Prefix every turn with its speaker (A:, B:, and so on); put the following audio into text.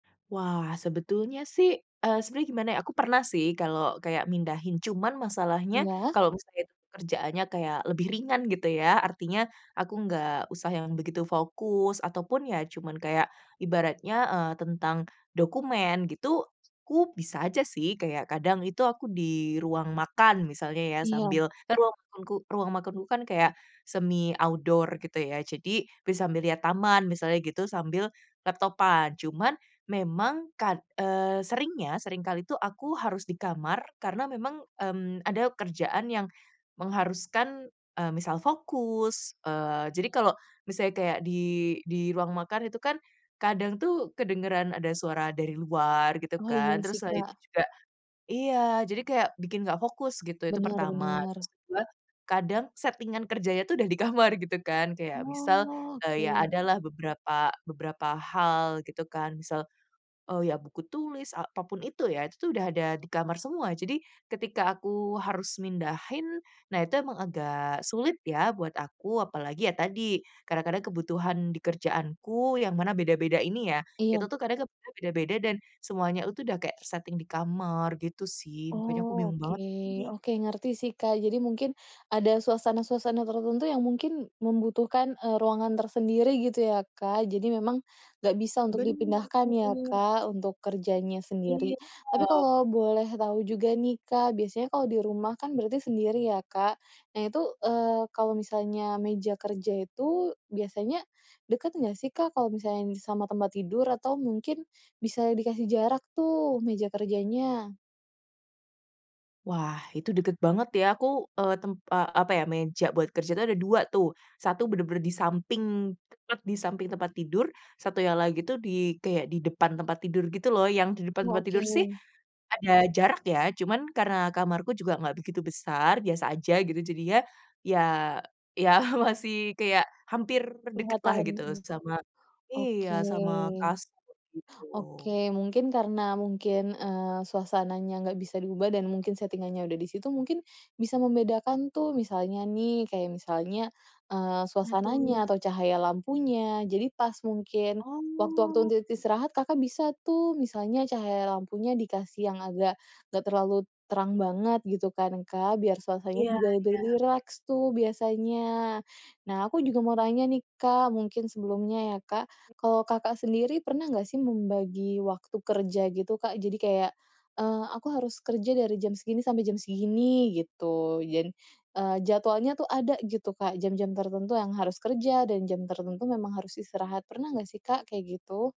A: Wah sebetulnya sih eee, sebenernya gimana ya, aku pernah sih kalau kayak mindahin, cuman masalahnya
B: Iya.
A: kalau misalnya kerjaannya kayak lebih ringan gitu ya, artinya aku nggak usah yang begitu fokus ataupun ya cuman kayak ibaratnya, eee, tentang dokumen gitu, aku bisa aja sih. Kayak kadang itu aku di ruang makan misalnya ya
B: Iya.
A: sambil kan ruang makanku ruang makanku kan kayak semi outdoor gitu ya, jadi bisa sambil lihat taman misalnya gitu, sambil laptopan. Cuman memang kad eee, seringnya, sering kali itu aku harus di kamar karena memang, mmm, ada kerjaan yang mengharuskan, eee, misal fokus. Eee, jadi kalau misalnya kayak di di ruang makan itu kan kadang tuh kedengeran ada suara dari luar gitu
B: Oh, iya
A: kan.
B: sih,
A: Terus selain
B: Kak.
A: itu juga iya, jadi kayak bikin nggak fokus gitu. Itu
B: Bener
A: pertama.
B: bener.
A: Terus kedua, kadang settingan kerjanya tuh udah di kamar gitu kan. Kayak
B: Oh,
A: misal, eee, ya
B: oke.
A: adalah beberapa beberapa hal gitu kan. Misal, eee, ya buku tulis apa pun itu ya, itu tuh udah ada di kamar semua. Jadi ketika aku harus mindahin, nah itu emang agak sulit ya buat aku. Apalagi ya tadi kadang-kadang kebutuhan di kerjaanku yang mana beda-beda ini ya, itu
B: Iya.
A: tuh kadang keb beda-beda dan semuanya itu udah kayak tersetting di kamar gitu sih. Makanya aku
B: Oh,
A: bingung
B: oke.
A: banget nih.
B: Oke, ngerti sih, Kak. Jadi mungkin ada suasana-suasana tertentu yang mungkin membutuhkan, eee, ruangan tersendiri gitu ya, Kak. Jadi memang nggak bisa untuk
A: Bener.
B: dipindahkan ya, Kak, untuk kerjanya sendiri. Tapi
A: Iya.
B: kalau boleh tahu juga nih, Kak, biasanya kalau di rumah kan berarti sendiri ya, Kak. Nah itu, eee, kalau misalnya meja kerja itu biasanya deket nggak sih, Kak, kalau misalnya nih sama tempat tidur? Atau mungkin bisa dikasih jarak tuh meja kerjanya?
A: Wah itu deket banget ya. Aku, eee, tem eee, apa ya, meja buat kerja itu ada 2 tuh. 1 bener-bener di samping, tepat di samping tempat tidur. Satunya lagi tuh di kayak di depan tempat tidur gitu loh. Yang di depan
B: Oh,
A: tempat tidur sih
B: oke.
A: ada jarak ya, cuman karena kamarku juga nggak begitu besar, biasa aja gitu. Jadinya ya ya masih kayak hampir deketlah
B: Kelihatan,
A: gitu
B: mhm.
A: sama iya,
B: Oke.
A: sama kasur gitu.
B: Oke mungkin karena mungkin, eee, suasananya nggak bisa diubah dan mungkin settingannya udah di situ, mungkin bisa membedakan tuh misalnya nih kayak misalnya, eee,
A: Nah, tuh.
B: suasananya atau cahaya lampunya. Jadi pas mungkin waktu-waktu
A: Oh.
B: untuk istirahat, Kakak bisa tuh, misalnya cahaya lampunya dikasih yang agak nggak terlalu terang banget gitu kan, Kak, biar suasana
A: Iya
B: juga lebih
A: iya.
B: rileks tuh biasanya. Nah aku juga mau tanya nih, Kak, mungkin sebelumnya ya, Kak. Kalau Kakak sendiri pernah nggak sih membagi waktu kerja gitu, Kak? Jadi kayak, eee, "Aku harus kerja dari jam segini sampai jam segini," gitu jan eee, jadwalnya tuh ada gitu, Kak. Jam-jam tertentu yang harus kerja, dan jam tertentu memang harus istirahat. Pernah nggak sih, Kak, kayak gitu?